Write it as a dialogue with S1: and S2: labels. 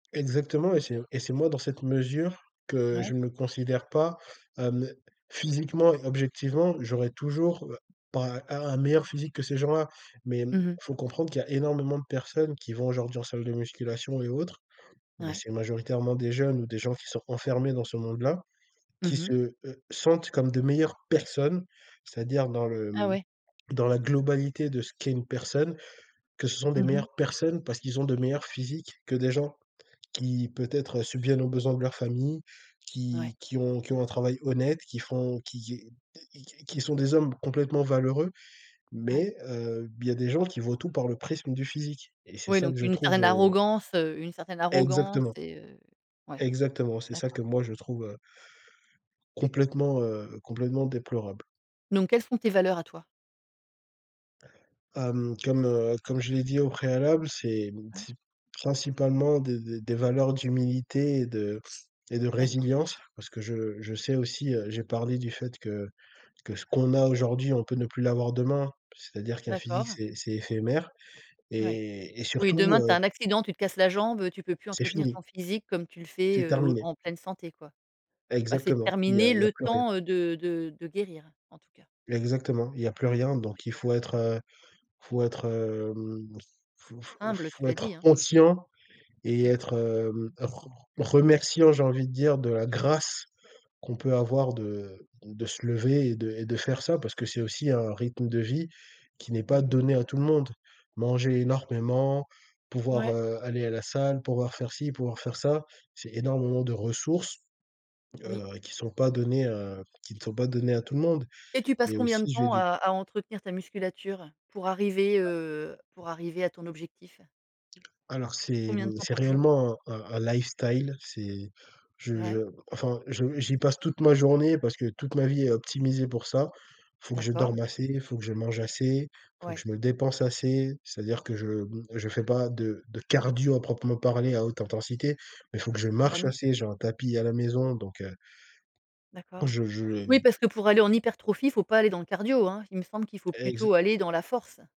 S1: Exactement, et c'est un et c'est moi dans cette mesure, que
S2: Ouais.
S1: je me considère pas, hem physiquement et objectivement, j'aurais toujours, heu, pas a un meilleur physique que ces gens-là. Mais, hem,
S2: Mmh mh.
S1: comprendre qu'il y a énormément de personnes, qui vont aujourd'hui en salle de musculation et autres. Mais,
S2: Ouais.
S1: c'est majoritairement des jeunes, ou des gens qui sont renfermés dans ce monde-là.
S2: Mmh
S1: Qui se,
S2: mh.
S1: heu, sentent comme de meilleures personnes, c'est-à-dire dans le,
S2: Ah
S1: hem,
S2: ouais?
S1: dans la globalité de ce qu'est une personne, que ce sont des
S2: Mmh mh.
S1: meilleures personnes parce qu'ils ont de meilleurs physiques que des gens qui, peut-être subviennent aux besoins de leur famille,
S2: Ouais.
S1: qui qui ont qui ont un travail honnête. Qui font qui est qui q q qui sont des hommes complètement valeureux.
S2: Ouais.
S1: Mais, heu, il y a des gens qui voient tout par le prisme du physique. Et c'est
S2: Oui,
S1: ça que
S2: donc,
S1: je
S2: une
S1: trouve,
S2: certaine
S1: heu
S2: arrogance, heu, une certaine arrogance
S1: Exactement.
S2: et heu. Ouais.
S1: Exactement, c'est ça
S2: D'accord.
S1: que moi je trouve, heu complètement, heu, complètement déplorable.
S2: Donc, quelles sont tes valeurs à toi?
S1: Hem, comme, heu, comme je l'ai dit au préalable, c'est hem
S2: Ouais.
S1: c'est principalement des des des valeurs d'humilité et de et de
S2: D'accord.
S1: résilience, parce que je, heu, je sais aussi, heu j'ai parlé du fait que que ce qu'on a aujourd'hui, on peut ne plus l'avoir demain. C'est-à-dire qu'un physique,
S2: D'accord.
S1: c'est c'est éphémère,
S2: Ouais.
S1: et et
S2: Oui,
S1: surtout,
S2: demain, tu
S1: heu
S2: as un accident, tu te casses la jambe, heu, tu peux plus
S1: C'est
S2: entretenir
S1: fini.
S2: ton physique comme tu le fais,
S1: C'est
S2: heu,
S1: terminé.
S2: en pleine santé, quoi. Bah, c'est
S1: Exactement, il y a
S2: terminé
S1: il y a
S2: le
S1: plus rien.
S2: temps, heu, de de de guérir, en tout cas.
S1: Exactement, il y a plus rien, donc il faut être, heu il faut être, hem faut faut
S2: Humble, tu
S1: faut
S2: l'as
S1: être
S2: dit, hein.
S1: conscient et
S2: Ouais.
S1: être, hem, re r remerciant, j'ai envie de dire, de la grâce qu'on peut avoir, de de se lever et de et de faire ça, parce que c'est aussi un rythme de vie qui n'est
S2: Mmh
S1: pas
S2: mh.
S1: donné à tout le monde. Manger énormément, pouvoir,
S2: Ouais.
S1: heu, aller à la salle, pouvoir faire ci, pouvoir faire ça, c'est énormément de ressources,
S2: Oui.
S1: heu, qui sont pas données, heu, qui ne sont pas données à tout le monde.
S2: Et, tu passes
S1: Et
S2: combien de
S1: aussi, j'ai
S2: temps, à
S1: du
S2: à entretenir ta musculature? Pour arriver, heu, pour arriver à ton objectif?
S1: Alors, c'est,
S2: Combien
S1: hem,
S2: de temps
S1: c'est
S2: par jour?
S1: réellement un un un lifestyle. C'est je je
S2: Ouais.
S1: enfin, je j'y passe toute ma journée, parce que toute ma vie est optimisée pour ça. Il faut que je
S2: D'accord.
S1: dorme assez, il faut que je mange assez, il faut que
S2: Ouais.
S1: je me dépense assez, c'est-à-dire que je m je fais pas de de cardio à proprement parler à haute intensité, mais il faut que je
S2: Bah,
S1: marche
S2: non!
S1: assez- j'ai un tapis à la maison- donc, heu
S2: D'accord.
S1: Je je
S2: Oui
S1: ai
S2: parce que pour aller en hypertrophie, faut pas aller dans le cardio, hein. Il me semble qu'il faut
S1: Exa
S2: plutôt aller dans la force.